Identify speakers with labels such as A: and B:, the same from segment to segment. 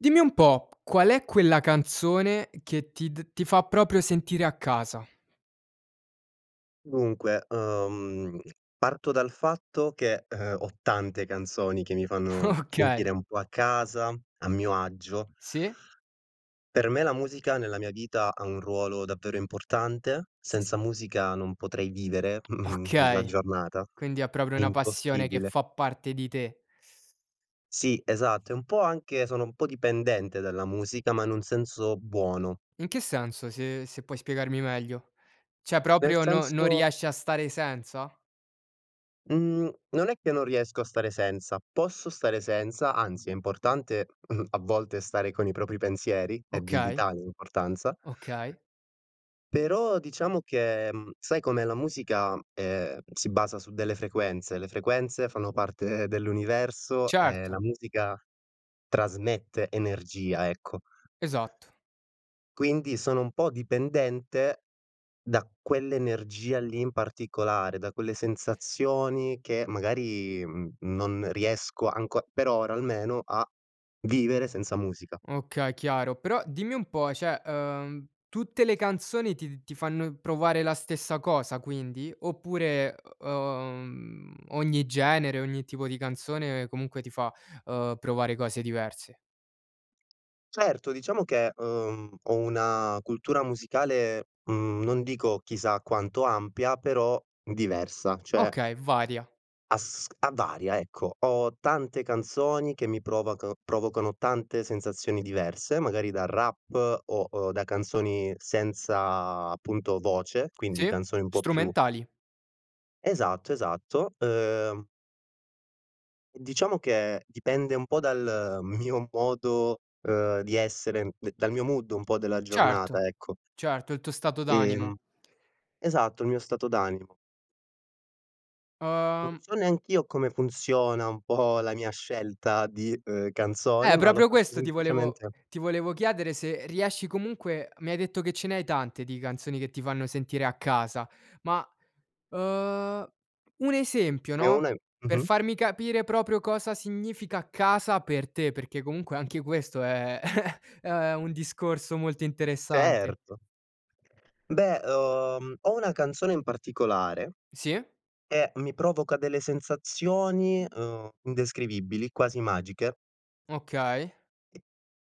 A: Dimmi un po' qual è quella canzone che ti d ti fa proprio sentire a casa?
B: Dunque, uhm, parto dal fatto che, ehm, ho tante canzoni che mi fanno
A: Okay.
B: sentire un po' a casa a mio agio.
A: Sì.
B: Per me la musica nella mia vita ha un ruolo davvero importante.
A: S
B: Senza musica non potrei vivere, mhmm la
A: Okay.
B: giornata.
A: Quindi è proprio una passione che
B: Impossibile.
A: fa parte di te.
B: Sì, esatto, è un po' anche sono un po' dipendente dalla musica ma in un senso buono.
A: In che senso se se puoi spiegarmi meglio? Cioè
B: Nel
A: proprio non non
B: senso
A: riesci a stare senza?
B: Mhmm, non è che non riesco a stare senza. Posso stare senza, anzi è importante, mhmm, a volte stare con i propri pensieri, è di
A: Okay.
B: vitale importanza
A: Okay.
B: però diciamo che mhmm, sai com'è la musica, ehm, si basa su delle frequenze. Le frequenze fanno parte dell'universo e la
A: Certo.
B: musica trasmette energia, ecco.
A: Esatto.
B: Quindi sono un po' dipendente da quell'energia lì in particolare, da quelle sensazioni, che magari, mhmm non riesco anco per ora almeno, a vivere senza musica.
A: Okay chiaro, però dimmi un po' cioè, ehm, tutte le canzoni ti ti fanno provare la stessa cosa quindi? Oppure, uhm, ogni genere, ogni tipo di canzone comunque ti fa, uhm, provare cose diverse?
B: Certo diciamo che, uhm, ho una cultura musicale, mhmm, non dico chissà quanto ampia, però diversa, cioè
A: Okay, varia.
B: Asc a varia, ecco. Ho tante canzoni che mi provac provocano tante sensazioni diverse magari da rap o da canzoni senza appunto voce, quindi canzoni un
A: Sì,
B: po' più
A: strumentali.
B: Esatto, esatto, uhm. Diciamo che dipende un po' dal mio modo, uhm, di essere, d dal mio mood un po' della giornata,
A: Certo.
B: ecco.
A: Certo, il tuo stato
B: Ehm
A: d'animo.
B: esatto, il mio stato d'animo. Non
A: uhm
B: so neanch'io come funziona un po' la mia scelta, di, ehm, di canzoni,
A: Eh,
B: ma lo
A: proprio
B: faccio
A: questo ti volevo
B: semplicemente
A: ti volevo chiedere se riesci comunque mi hai detto che ce ne hai tante, di canzoni che ti fanno sentire a casa ma, uhm, un esempio
B: Ne ho
A: no?
B: una i
A: Per
B: mh-mh.
A: farmi capire proprio cosa significa casa per te perché comunque anche questo è è un discorso molto interessante.
B: Certo, beh, uhm, ho una canzone in particolare
A: Sì.
B: e mi provoca delle sensazioni, uhm, indescrivibili, quasi magiche.
A: Okay.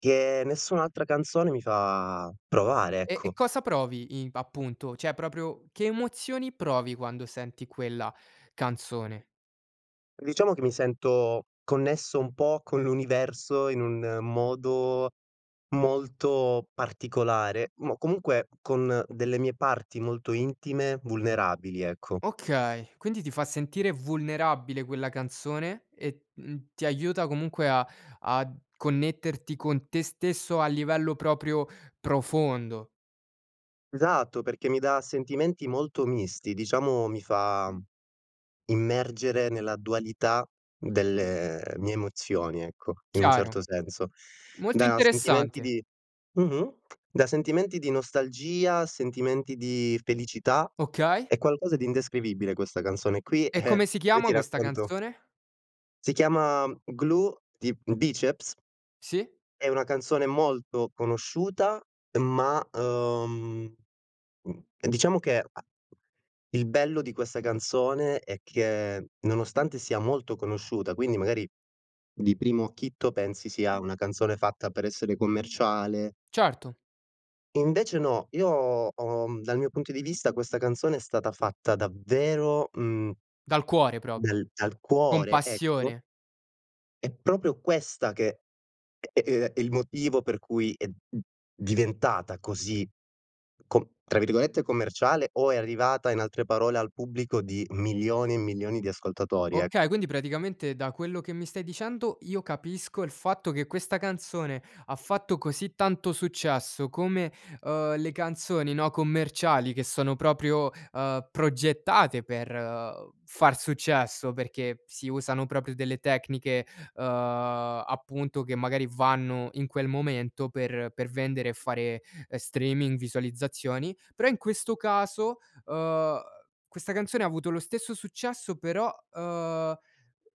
B: Che nessun'altra canzone mi fa provare,
A: E e
B: ecco.
A: cosa provi in appunto? Cioè proprio: che emozioni, provi quando senti quella canzone?
B: Diciamo che mi sento connesso un pò con l'universo, in un modo molto particolare, mo comunque con delle mie parti molto intime, vulnerabili, ecco.
A: Okay. Quindi ti fa sentire vulnerabile quella canzone e t uhm, ti aiuta comunque a ad connetterti con te stesso a livello proprio profondo.
B: Esatto, perché mi da sentimenti molto misti, diciamo mi fa immergere nella dualità delle mie emozioni, ecco, in un
A: Chiaro.
B: certo senso.
A: Molto
B: Da sentimenti
A: interessante!
B: di mh-mh, da sentimenti di nostalgia, a sentimenti di felicità.
A: Okay.
B: È qualcosa di indescrivibile questa canzone qui,
A: E
B: e
A: come si
B: poi ti
A: chiama questa
B: racconto
A: canzone?
B: Si chiama Glue di Bicep.
A: Sì?
B: È una canzone molto conosciuta ma, uhm, mhmm, mh, diciamo che ha il bello di questa canzone è che, nonostante sia molto conosciuta quindi, magari, di primo acchito pensi sia una canzone fatta per essere commerciale
A: Certo.
B: invece no, io ho, mhmm, dal mio punto di vista questa canzone è stata fatta davvero, mhmm
A: Dal cuore proprio!
B: del dal
A: Con
B: cuore, ecco
A: passione!
B: È proprio questa che è ehm, il motivo per cui è, mhmm, diventata così com tra virgolette "commerciale" o è arrivata in altre parole al pubblico di milioni e milioni di ascoltatori,
A: Okay.
B: ecco.
A: Quindi, praticamente da quello che mi stai dicendo, io capisco il fatto che questa canzone ha fatto così tanto successo come, uhm, le canzoni, no, commerciali che sono proprio, uhm, progettate per, uhm, far successo perché si usano proprio delle tecniche, uhm, appunto che magari vanno in quel momento, per per vendere e fare streaming, visualizzazioni, però in questo caso, uhm, questa canzone ha avuto lo stesso successo però, uhm,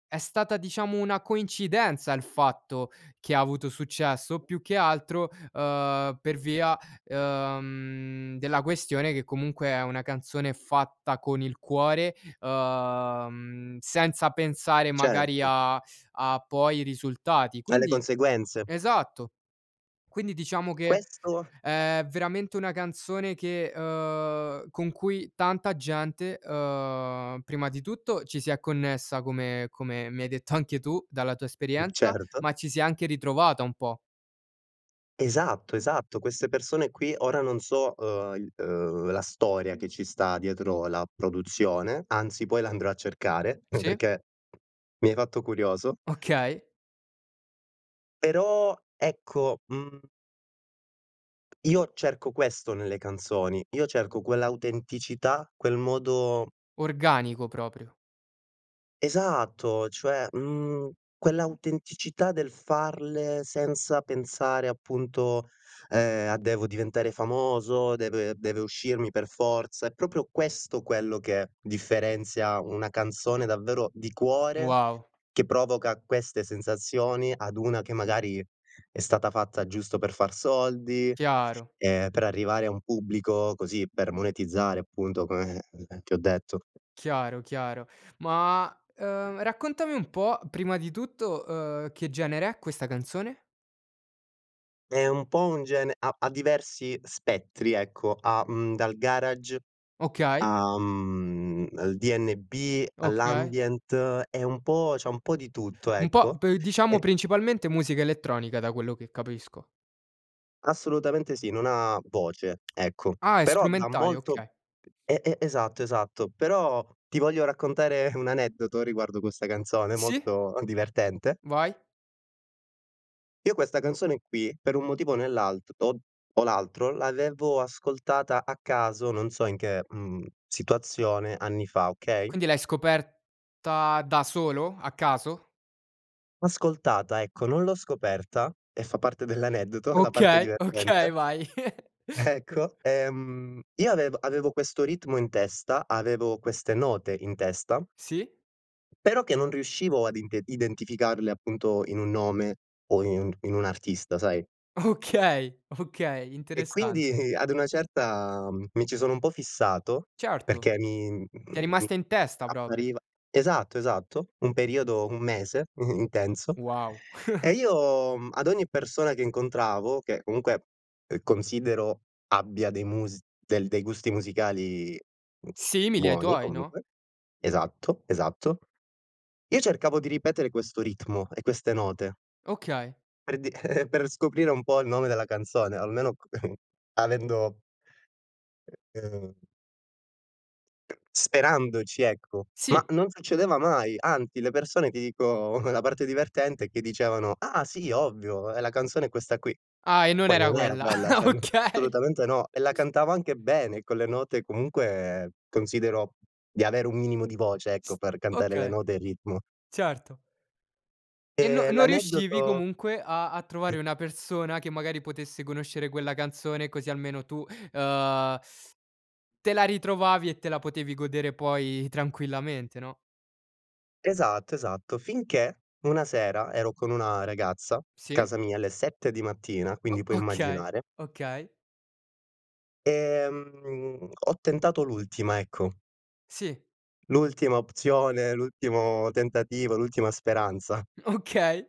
A: è stata, diciamo, una coincidenza il fatto che ha avuto successo o più che altro, uhm, per via, uhm, mhmm, della questione che comunque è una canzone fatta con il cuore, uhm, mhmm, senza pensare magari
B: Certo.
A: a a poi i risultati.
B: Alle
A: Quindi
B: conseguenze.
A: esatto. Quindi, diciamo, che
B: Questo
A: è veramente una canzone che, uhm, con cui tanta gente, uhm, prima di tutto ci si è connessa come come mi hai detto anche tu dalla tua
B: U
A: esperienza,
B: certo.
A: ma ci si è anche ritrovata un pò.
B: Esatto, esatto queste persone qui, ora non so, uhm, il uhm, la storia che ci sta dietro la produzione, anzi poi la andrò a cercare
A: Sì.
B: perché mi hai fatto curioso.
A: Okay.
B: Però, ecco, mhmm io cerco questo nelle canzoni, io cerco quell'autenticità, quel modo
A: Organico proprio.
B: Esatto, cioè, mhmm, quell'autenticità del farle senza pensare appunto, ehm, a "Devo diventare famoso, deve deve uscirmi per forza", è proprio questo quello che differenzia una canzone davvero di cuore,
A: Wow.
B: che provoca queste sensazioni, ad una che, magari, è stata fatta giusto per far soldi,
A: Chiaro.
B: e per arrivare a un pubblico, così, per monetizzare appunto come, ehm, ti ho detto.
A: Chiaro, chiaro. Ma, uhm, raccontami un po' prima di tutto, uhm, che genere è questa canzone?
B: È un po' un gene ha ha diversi spettri, ecco, ha, mhmm, dal garage
A: Okay.
B: a mhmm, al DNB,
A: Okay.
B: all'Ambient, è un po' c'ha un po' di tutto,
A: Un po'
B: ecco,
A: p diciamo
B: e
A: principalmente musica elettronica, da quello che capisco.
B: Assolutamente sì, non ha voce, ecco,
A: Ah è
B: però dà
A: strumentale,
B: molto
A: okay.
B: e e esatto, esatto, però ti voglio raccontare un aneddoto riguardo questa canzone
A: Sì.
B: molto, uhm, divertente
A: Vai.
B: io questa canzone qui, per un motivo o nell'alt to o l'altro, l'avevo ascoltata a caso, non so in che, mhmm, situazione, anni fa, okay?
A: Quindi l'hai scoperta da solo? A caso?
B: L'ho ascoltata, ecco, non l'ho scoperta, e fa parte dell'aneddoto, la parte
A: Okay,
B: divertente
A: okay, vai.
B: Ecco, ehm, io avev avevo questo ritmo in testa, avevo queste note in testa
A: Sì.
B: però che non riuscivo ad inte identificarle, appunto, in un nome o in un in un artista, sai
A: Okay, okay
B: e
A: interessante.
B: quindi, ad una certa, mhmm, mi ci sono un po' fissato,
A: Certo,
B: perché mi
A: ti è
B: mi
A: rimasta in testa proprie.
B: appariva Esatto, esatto, un periodo, un mese intenso.
A: Wow.
B: E io, mhmm, ad ogni persona che incontravo che comunque, uhm, considero abbia dei mus del dei gusti musicali,
A: Simili ai
B: buoni
A: tuoi, no?
B: comunque, esatto, esatto. Io cercavo di ripetere questo ritmo e queste note
A: Okay.
B: per d per scoprire un po' il nome della canzone, almeno c avendo ehm [unintelligible] sperandoci, ecco, ma
A: Sì.
B: non succedeva mai, anzi, le persone, ti dico la parte divertente è che dicevano: “Ah sì, ovvio, ehm, la canzone è questa qui.”
A: Ah, e non
B: Poi
A: era
B: non era
A: quella.
B: quella, cioè, [unintelligible]
A: Okay.
B: assolutamente no, e la cantavo anche bene con le note comunque, considero di avere un minimo di voce, ecco,
A: S
B: per cantare le
A: okay,
B: note e il ritmo.
A: certo. E no
B: Ehm,
A: non riuscivi
B: l'aneddoto
A: comunque a a
B: Mh.
A: trovare una persona che, magari, potesse conoscere quella canzone così almeno tu, uhm, te la ritrovavi e te la potevi godere poi tranquillamente, no?
B: Esatto, esatto, finché una sera ero con una ragazza,
A: Sì.
B: casa mia alle 7 di mattina,
A: O
B: quindi puoi
A: okay,
B: immaginare
A: okay.
B: ehm, ho tentato l'ultima, ecco
A: Sì.
B: l'ultima opzione, l'ultimo tentativo, l'ultima speranza
A: Okay.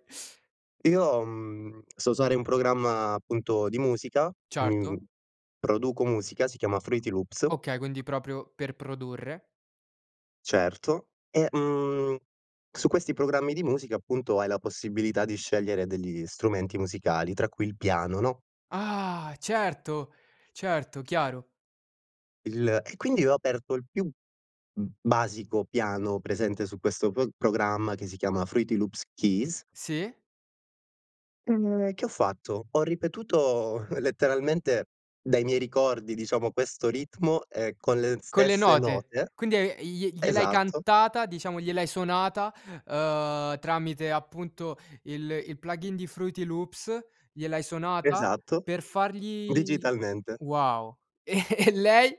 B: io, mhmm, so usare un programma appunto di musica, mhmm,
A: Certo.
B: produco musica, si chiama FruityLoops
A: Okay, quindi proprio per produrre.
B: Certo, e, mhmm, su questi programmi di musica, appunto, hai la possibilità di scegliere degli strumenti musicali tra cui il piano, no
A: Ah! Certo, certo, chiaro.
B: il, e quindi io ho aperto il più b basico piano presente su questo pro programma che si chiama FruityLoops Keys
A: Sì.
B: E che ho fatto, ho ripetuto letteralmente dai miei ricordi diciamo, questo ritmo, ehm, con le
A: Con le
B: stesse
A: note.
B: note.
A: Quindi hai i glie gliel'hai
B: Esatto. Esatto.
A: cantata diciamo, gliel'hai suonata, uhm, tramite appunto il il plugin di Fruity Loops, gliel'hai suonata
B: Esatto,
A: per fargli
B: digitalmente.
A: wow. E e lei?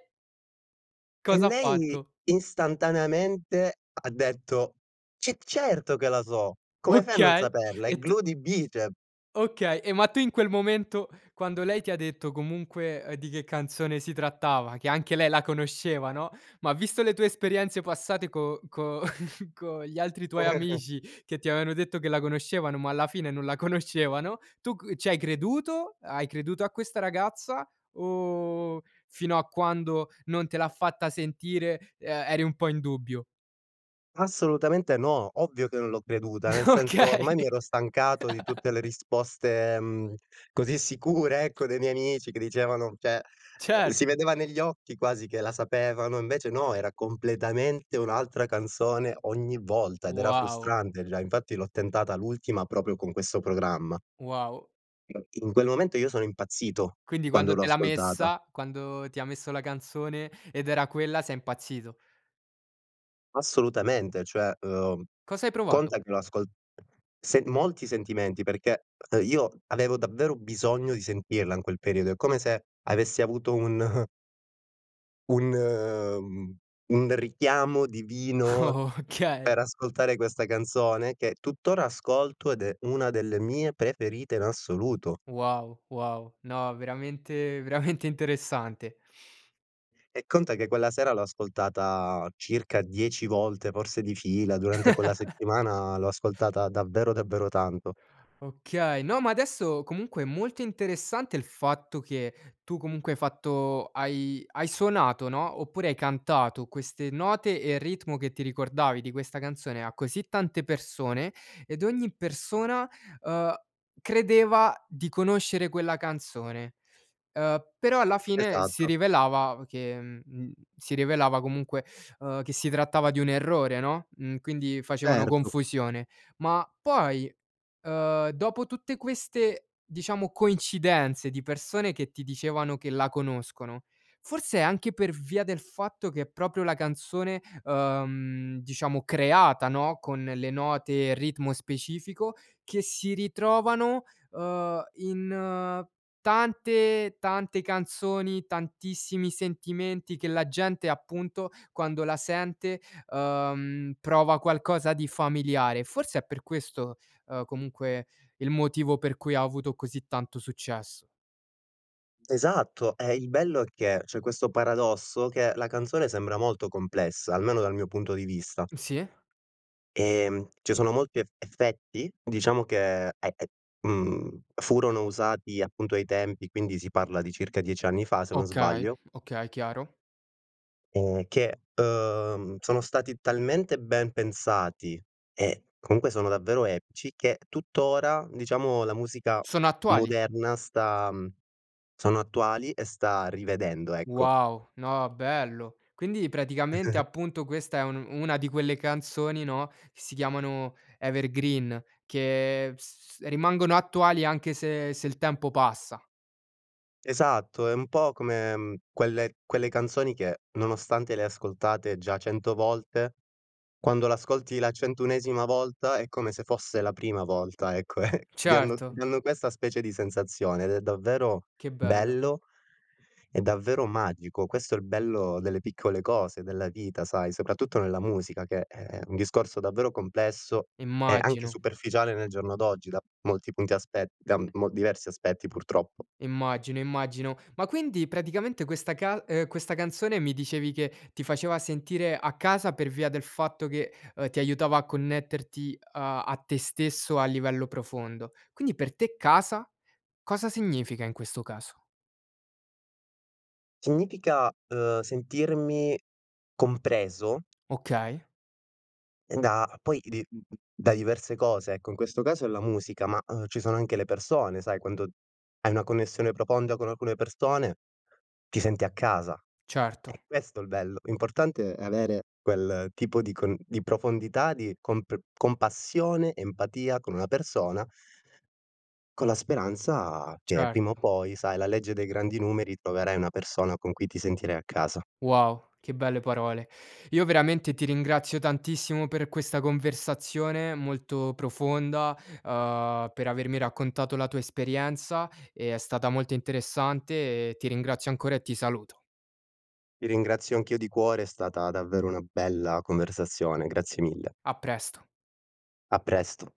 B: E
A: Cos'ha
B: lei
A: fatto?
B: istantaneamente ha detto: "Ce certo che la so, come fai a non
A: Okay,
B: saperla? È
A: e t
B: Glue di Bicep".
A: Okay, e ma tu in quel momento, quando lei ti ha detto comunque di che canzone si trattava, che anche lei la conosceva, no, ma visto le tue esperienze passate co co con gli altri tuoi amici che ti avevano detto che la conoscevano ma alla fine non la conoscevano, tu c ci hai creduto, hai creduto a questa ragazza, o fino a quando non te l'ha fatta sentire, uhm, eri un po' in dubbio?
B: Assolutamente no, ovvio che non l'ho creduta, nel senso
A: Okay.
B: ormai mi ero stancato di tutte le risposte, mhmm, così sicure ecco, dei miei amici che dicevano cioè si
A: Certo.
B: vedeva negli occhi quasi che la sapevano e invece no, era completamente un'altra canzone ogni volta, ed era
A: Wow.
B: frustrante già, infatti l'ho tentata l'ultima proprio con questo programma.
A: Wow.
B: In quel momento io sono impazzito,
A: Quindi
B: quando
A: quando
B: l'ho
A: te l'ha
B: ascoltata.
A: messa quando ti ha messo la canzone ed era quella, sei impazzito.
B: Assolutamente, cioè, uhm,
A: Cosa hai provato?
B: conta che l'ho ascol se molti sentimenti, perché, uhm, io avevo davvero bisogno di sentirla in quel periodo, é come se avessi avuto un un, mhmm, un richiamo divino
A: Okay.
B: per ascoltare questa canzone, che tutt'ora ascolto ed é una delle mie preferite in assoluto.
A: Wow, wow, no veramente, veramente interessante.
B: E conta che quella sera l'ho ascoltata circa 10 volte forse di fila, durante quella settimana l'ho ascoltata davvero, davvero tanto.
A: Okay, no ma adesso comunque è molto interessante il fatto che tu comunque hai fatto hai hai suonato no, oppure hai cantato queste note e il ritmo che ti ricordavi di questa canzone, a così tante persone ed ogni persona, uhm, credeva di conoscere quella canzone, uhm, però alla fine si
B: Esatto.
A: rivelava che, mhmm, si rivelava comunque, uhm, che si trattava di un errore no, mhmm, quindi facevano
B: Certo.
A: confusione. Ma poi, uhm, dopo tutte queste diciamo coincidenze di persone che ti dicevano che la conoscono, forse anche per via del fatto che è proprio la canzone, uhm, diciamo creata, no, con le note e ritmo specifico, che si ritrovano, uhm, in tante, tante canzoni, tantissimi sentimenti che la gente appunto, quando la sente, uhm, prova qualcosa di familiare. Forse é per questo, uhm, comunque il motivo per cui ha avuto così tanto successo.
B: Esatto, e il bello è che, c'è questo paradosso che la canzone sembra molto complessa, almeno dal mio punto di vista.
A: Sì.
B: Ehm, ci sono molti ef effetti, diciamo che è è, mhmm, furono usati appunto ai tempi, quindi si parla di circa 10 anni fa se non
A: Okay,
B: sbaglio.
A: okay, chiaro.
B: E che, uhm, sono stati talmente ben pensati e comunque sono davvero epici, che tuttora diciamo la musica
A: Sono attuali.
B: moderna sta sono attuali e sta rivedendo, ecco.
A: Wow, no, bello. Quindi praticamente appunto, questa è un una di quelle canzoni no, che si chiamano evergreen, che s rimangono attuali anche se se il tempo passa.
B: Esatto, è un po' come, mhmm, quelle quelle canzoni che nonostante le hai ascoltate già 100 volte quando l'ascolti la centounesima volta è come se fosse la prima volta ecco, e di anno ti
A: Certo.
B: danno questa specie di sensazione ed è davvero
A: Che bello.
B: bello, e davvero magico, questo è il bello delle piccole cose, della vita sai, soprattutto nella musica che è un discorso davvero complesso e anche
A: Immagino.
B: superficiale nel giorno d'oggi, da molti punti aspet da mol diversi aspetti purtroppo.
A: Immagino, immagino. Ma quindi praticamente questa cas uhm, questa canzone mi dicevi che ti faceva sentire a casa per via del fatto che, uhm, ti aiutava a connetterti a a te stesso a livello profondo, quindi per te casa cosa significa in questo caso?
B: Significa, uhm, sentirmi compreso
A: Okay.
B: e da poi di, m m da diverse cose, ecco in questo caso è la musica, ma, uhm, ci sono anche le persone sai, quando hai una connessione profonda con alcune persone, ti senti a casa. È
A: Certo.
B: questo è il bello. L'importante è avere quel tipo di con di profondità, di compr compassione, empatia con una persona con la speranza che prima o
A: Certo.
B: poi, sai la legge dei grandi numeri, troverai una persona con cui ti sentirai a casa.
A: Wow. Che belle parole. Io veramente ti ringrazio tantissimo per questa conversazione, molto profonda, uhm, per avermi raccontato la tua esperienza, e è stata molto interessante e ti ringrazio ancora e ti saluto.
B: Ti ringrazio anch'io di cuore, è stata davvero una bella conversazione, grazie mille.
A: A presto.
B: A presto.